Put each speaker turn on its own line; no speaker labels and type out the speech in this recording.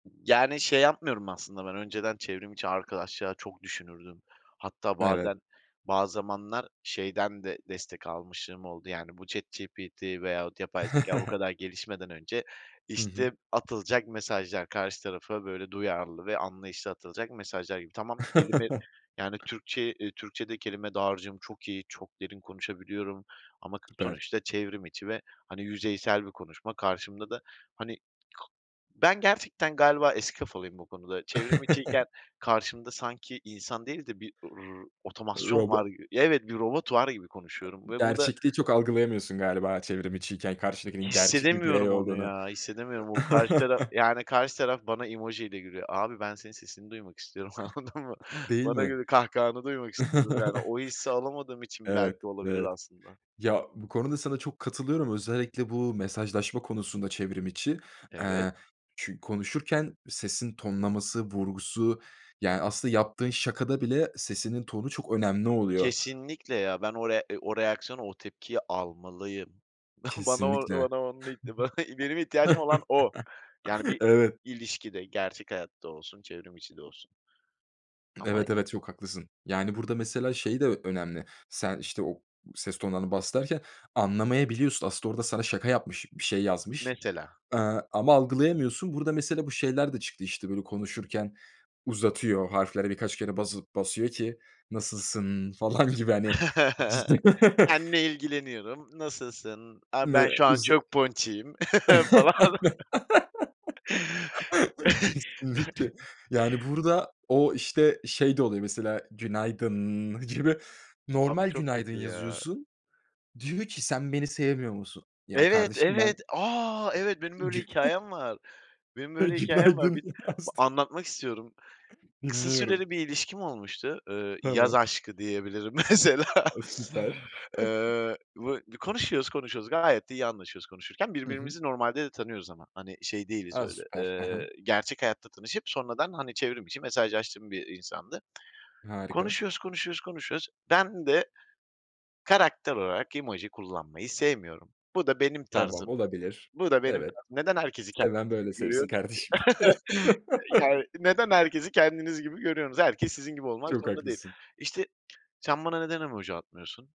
Yani, şey yapmıyorum aslında. Ben önceden çevrim içi arkadaşlığa çok düşünürdüm. Hatta
Evet.
bazen, bazı zamanlar şeyden de destek almışımlığım oldu yani, bu ChatGPT veyahut yapay zekâya bu kadar gelişmeden önce;
Hı hı.
işte atılacak mesajlar, karşı tarafa böyle duyarlı ve anlayışlı atılacak mesajlar gibi. Tamam, kelime yani, Türkçe'yi, eee, Türkçe'de kelime dağarcığım çok iyi, çok derin konuşabiliyorum ama k
Süper.
sonuçta çevrim içi ve hani yüzeysel bir konuşma. Karşımda da hani, k ben gerçekten galiba eski kafalıyım bu konuda. Çevrim içiyken karşımda sanki insan değil de bir, r otomasyon var
Robo
evet, robot var gibi konuşuyorum
[unintelligible]
ve bu da
Gerçekliği çok algılayamıyorsun galiba çevrim içiyken, karşıdakinin gerçek bir birey
Hissedemiyorum onu
olduğunu.
ya, hissedemiyorum. O karşı taraf yani, karşı taraf bana emoji ile gülüyor. Abi ben senin sesini duymak istiyorum anladın mı?
Değil
Bana
mi?
göre, kahkahanı duymak istiyorum yani, o hissi alamadığım için
Evet,
belki olabilir
evet.
aslında.
Ya, bu konuda sana çok katılıyorum. Özellikle bu mesajlaşma konusunda çevrim içi,
Evet.
eee, çü konuşurken sesin tonlaması, vurgusu yani aslında yaptığın şakada bile sesinin tonu çok önemli oluyor.
Kesinlikle ya. Ben o rea o reaksiyonu, o tepkiyi almalıyım. Bana, o
Kesinlikle.
bana onu. [unintelligible] Benim ihtiyacım olan o. Yani bir
Evet.
ilişkide, gerçek hayatta olsun, çevrim içi de olsun. Ama
Evet, evet, çok haklısın. Yani, burada mesela şey de önemli: Sen, işte, o ses tonlarını bahsederken anlamayabiliyorsun. Aslında orada sana şaka yapmış, bir şey yazmış,
Mesela.
ııı, ama algılayamıyorsun. Burada mesela bu şeyler de çıktı, işte, böyle konuşurken, uzatıyor. Harflere birkaç kere basıp basıyor ki "nasılsınnn" falan gibi hani, [unintelligible]
Seninle ilgileniyorum, nasılsın? A,
Ne
ben şu an
uza
çok ponçiğim falan.
Kesinlikle. Yani burada o, işte, şey de oluyor mesela, "günaydınnn" gibi
Abi
normal
çok
"günaydın"
kötü ya!
yazıyorsun. Diyor ki "sen beni sevmiyor musun?" Ya,
Evet,
kardeşim ben
evet. A, evet benim böyle
Güna
hikâyem var. Benim böyle hikâyem var.
günaydın
Bir
yazdım.
anlatmak istiyorum. Kısa
Dinliyorum.
süreli bir ilişkim olmuştu. Eee, yaz
Tamam.
aşkı diyebilirim mesela.
A, süper.
Eee, bu b konuşuyoruz konuşuyoruz gayet de iyi anlaşıyoruz konuşurken;
Hı hı.
birbirimizi normalde de tanıyoruz ama hani, şey değiliz
A,
öyle,
süper. Hı hı.
eee, gerçek hayatta tanışıp sonradan hani, çevrim içi mesajlaştığım bir, iii, insandı.
Harika.
Konuşuyoruz, konuşuyoruz, konuşuyoruz. Ben de karakter olarak emoji kullanmayı sevmiyorum. Bu da benim
Tamam,
tarzım.
olabilir.
Bu da benim
Evet.
tarzım. Neden herkesi
Seven böyle
kendiniz gibi
sevsin
görüyorsunuz
kardeşim.
ki? Yani neden herkesi kendiniz gibi görüyorsunuz? Herkes sizin gibi olmak
Çok
zorunda değil.
haklısın.
İşte, sen bana neden emoji atmıyorsun?